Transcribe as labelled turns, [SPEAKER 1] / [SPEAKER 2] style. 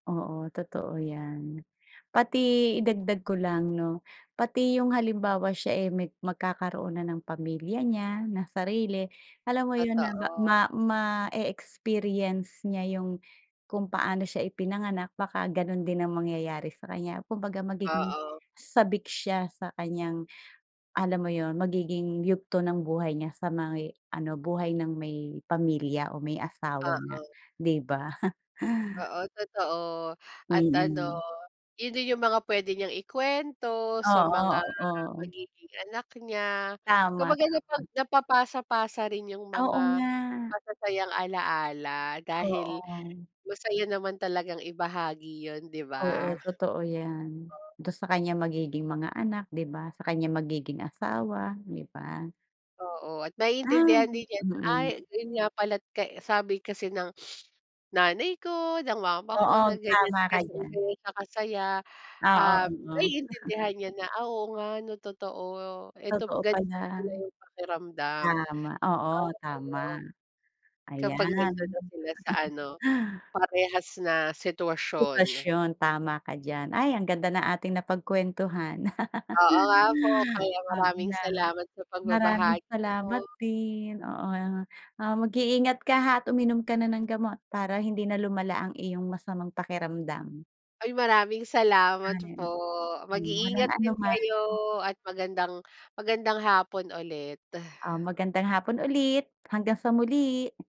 [SPEAKER 1] Oo, totoo 'yan. Pati idagdag ko lang, 'no, pati 'yong halimbawa siya, eh, meg magkakaroon na ng pamilya niya na sarili. Alam mo 'yon na
[SPEAKER 2] Totoo.
[SPEAKER 1] ma ma-e-experience niya 'yong kung paano siya ipinanganak, baka gano'n din ang mangyayari sa kaniya. Kumbaga magiging
[SPEAKER 2] Oo.
[SPEAKER 1] sabik siya sa kaniyang, alam mo 'yon, magiging yugto ng buhay niya sa may, ano, buhay ng may pamilya o may asawa na,
[SPEAKER 2] Oo.
[SPEAKER 1] 'di ba?
[SPEAKER 2] Oo, totoo. At ano,
[SPEAKER 1] Mm.
[SPEAKER 2] 'yon din 'yong mga puwede niyang ikuwento sa mga
[SPEAKER 1] Oo, oo.
[SPEAKER 2] magiging anak niya.
[SPEAKER 1] Tama,
[SPEAKER 2] Kumbaga napag
[SPEAKER 1] tama.
[SPEAKER 2] napapasa-pasa rin 'yong
[SPEAKER 1] Oo
[SPEAKER 2] mga
[SPEAKER 1] nga.
[SPEAKER 2] masasayang alaala dahil
[SPEAKER 1] Oo.
[SPEAKER 2] masaya naman talagang ibahagi 'yon, 'di ba?
[SPEAKER 1] Oo, totoo 'yan. Do'n sa kaniyang magiging mga anak, 'di ba? Sa kaniyang magiging asawa, 'di ba?
[SPEAKER 2] Oo, at
[SPEAKER 1] Ah,
[SPEAKER 2] maiintindihan din niya na, "Ay
[SPEAKER 1] mm.
[SPEAKER 2] ayun nga pala't kay sabi kasi ng nanay ko, ng mama ko,
[SPEAKER 1] Oo,
[SPEAKER 2] na ganiyan
[SPEAKER 1] tama ka
[SPEAKER 2] kasi
[SPEAKER 1] diyan.
[SPEAKER 2] gano'n siya kasaya."
[SPEAKER 1] Oo,
[SPEAKER 2] Um,
[SPEAKER 1] oo.
[SPEAKER 2] maiintindihan niya na, "Ah, oo nga, 'no, totoo. Ito
[SPEAKER 1] Totoo
[SPEAKER 2] ganiyan
[SPEAKER 1] pala.
[SPEAKER 2] pala 'yong pakiramdam."
[SPEAKER 1] Tama, oo,
[SPEAKER 2] Oh,
[SPEAKER 1] tama.
[SPEAKER 2] ayun. Kapag
[SPEAKER 1] Ayan.
[SPEAKER 2] nando'n na sila sa ano, parehas na sitwasyon.
[SPEAKER 1] Sitwasyon. Tama ka diyan. Ay, ang ganda ng ating napagkuwentuhan.
[SPEAKER 2] Oo nga po, kaya
[SPEAKER 1] Ab
[SPEAKER 2] maraming
[SPEAKER 1] nam
[SPEAKER 2] salamat sa
[SPEAKER 1] maraming
[SPEAKER 2] pagbabahagi mo.
[SPEAKER 1] salamat din. Oo, ah, ah, mag-iingat ka, ha, at uminom ka na ng gamot para hindi na lumala ang iyong masamang pakiramdam.
[SPEAKER 2] Ay, maraming salamat
[SPEAKER 1] Ay.
[SPEAKER 2] po.
[SPEAKER 1] Hmm, walang
[SPEAKER 2] Mag-iingat din
[SPEAKER 1] anuman.
[SPEAKER 2] kayo at magandang-magandang hapon ulit.
[SPEAKER 1] Ah, magandang hapon ulit. Hanggang sa muli.